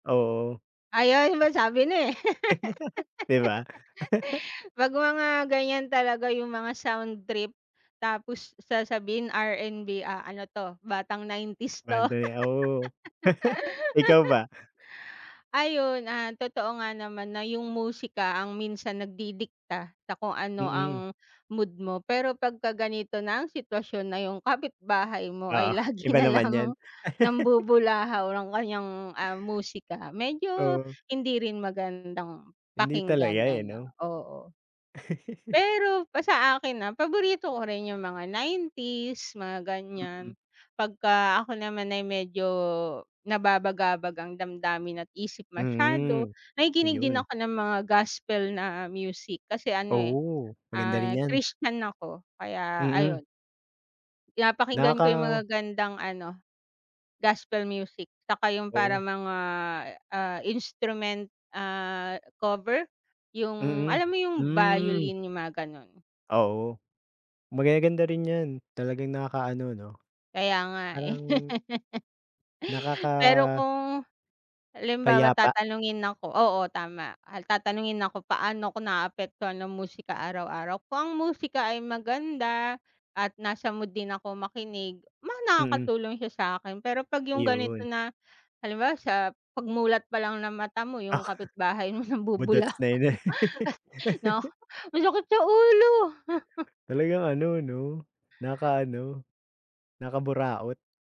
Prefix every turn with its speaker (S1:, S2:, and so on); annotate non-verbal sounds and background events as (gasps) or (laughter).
S1: Oo.
S2: Ayun, ma sabi na eh.
S1: (chuckles) 'Di ba? (chuckles)
S2: (laughs) 'Pag mga ganyan talaga yung mga soundtrip, tapos sasabihin RNB, ah, ano 'to, batang 90's 'to. (laughs)
S1: Banda ni awo. (chuckles) Ikaw ba?
S2: (breath) Ayun, ah, totoo nga naman na yung musika, ang minsan nagdidikta sa kung ano
S1: Mm.
S2: ang mood mo. Pero, 'pagka ganito na ang sitwasyon na yung kapitbahay mo ay
S1: Oo,
S2: lagi
S1: iba
S2: na
S1: naman 'yon.
S2: lang
S1: (giggles)
S2: nambubulahaw ng kaniyang, ah, musika.
S1: (breath)
S2: Medyo,
S1: Oh.
S2: hindi rin magandang
S1: Hindi talaga
S2: pakinggan
S1: eh,
S2: ano.
S1: 'no?
S2: Oo.
S1: (giggles)
S2: Pero, pa sa akin ah, paborito ko rin yung mga 90's, mga
S1: Mm.
S2: ganyan. Pagka ako naman ay medyo nababagabag ang damdamin at isip masyado,
S1: Mm,
S2: nakikinig din
S1: 'yon.
S2: ako ng mga gospel na music. Kasi ano eh,
S1: Oo, maganda rin
S2: ah,
S1: 'yan.
S2: Christian ako, kaya
S1: Mm.
S2: ayon. Pinapakinggan ko 'yong
S1: Nakaka
S2: magagandang ano, gospel music. Tsaka, yung
S1: Oo.
S2: parang mga, ah, instrument ah cover, yung
S1: Mm.
S2: alam mo yung
S1: Hmm.
S2: violin, yung mga gano'n.
S1: Oo. Magaganda rin 'yan. Talagang nakakaano 'no.
S2: Kaya nga eh,
S1: Parang
S2: (laughs) (breath) pero
S1: Nakaka
S2: kung halimbawa
S1: payapa.
S2: tatanungin ako oo, tama. Tatanungin ako, "Paano 'ko naaapektuhan ng musika araw-araw? Kung ang musika ay maganda, at nasa mood din ako makinig. Ma
S1: Mm.
S2: nakakatulong siya sa'kin. Pero, 'pag 'yong ganito
S1: 'Yon.
S2: na, halimbawa sa pagmulat pa lang ng mata mo, yung kapitbahay mo
S1: Budots
S2: nambubulahaw
S1: na 'yon eh.
S2: 'no. Masakit sa ulo! (laughs)
S1: (breath) Talagang, ano 'no
S2: (gasps)
S1: nakaka-ano nakakaburaot.